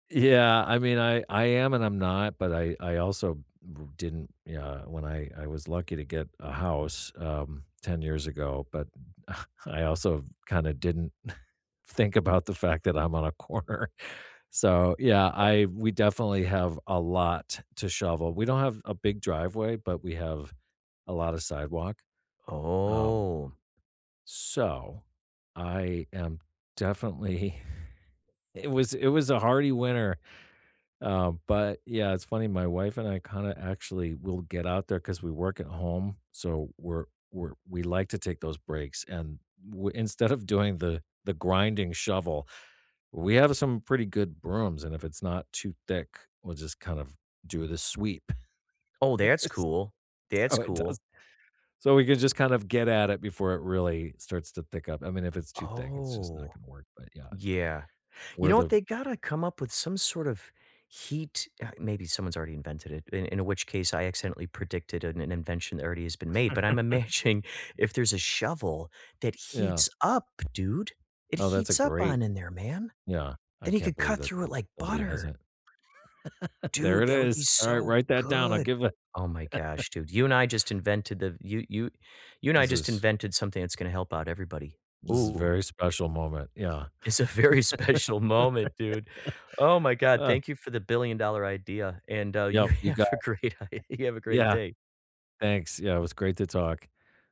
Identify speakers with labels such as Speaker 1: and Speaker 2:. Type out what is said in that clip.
Speaker 1: Yeah. I mean, I I am and I'm not, but I I also bo didn't yeah, when I I was lucky to get a house, um, 10 years ago, but I also kinda didn't think about the fact that I'm on a corner. So, yeah, I we definitely have a lot to shovel. We don't have a big driveway, but we have a lot of sidewalk. Um
Speaker 2: Oh!
Speaker 1: so, I am definitely it was it was a hearty winter, um, but, yeah, it's funny my wife and I kinda actually will get out there 'cause we work at home, so we're we're we like to take those breaks, and we instead of doing the the grinding shovel, we have some pretty good brooms, and if it's not too thick, we'll just kind of do the sweep.
Speaker 2: Oh, that's
Speaker 1: Yes
Speaker 2: cool that's
Speaker 1: so it does.
Speaker 2: cool.
Speaker 1: So, we could just kind of get at it before it really starts to pick up, I mean, if it's too thick, it's just not
Speaker 2: Oh!
Speaker 1: gonna work, but, yeah.
Speaker 2: Yeah. You
Speaker 1: Where
Speaker 2: know what,
Speaker 1: the
Speaker 2: they gotta come up with some sort of heat uh, maybe someone's already invented it, in in which case, I accidentally predicted an invention that already has been made, but I'm imagining if there's a shovel that
Speaker 1: Yeah.
Speaker 2: heats up, dude it
Speaker 1: Oh, that's a
Speaker 2: heats up
Speaker 1: great
Speaker 2: on in there, man.
Speaker 1: yeah. I
Speaker 2: Then he
Speaker 1: can't
Speaker 2: could
Speaker 1: believe
Speaker 2: cut
Speaker 1: that
Speaker 2: through it like
Speaker 1: somebody has
Speaker 2: butter.
Speaker 1: it. There
Speaker 2: Dude,
Speaker 1: it
Speaker 2: that would be
Speaker 1: is. All right,
Speaker 2: so
Speaker 1: write that down. I'll
Speaker 2: good.
Speaker 1: give a
Speaker 2: Oh my gosh, dude. You and I just invented the you you you and I
Speaker 1: This
Speaker 2: just
Speaker 1: is
Speaker 2: invented something that's gonna help out everybody.
Speaker 1: this is a
Speaker 2: Ooh!
Speaker 1: very special moment, yeah.
Speaker 2: It's a very special moment, dude. Oh my god.
Speaker 1: Uh
Speaker 2: Thank you for the billion-dollar idea, and, uh, you
Speaker 1: Yup, you got
Speaker 2: have a great day you
Speaker 1: [unintelligible]
Speaker 2: have a great
Speaker 1: yeah
Speaker 2: day.
Speaker 1: thanks. Yeah, it was great to talk.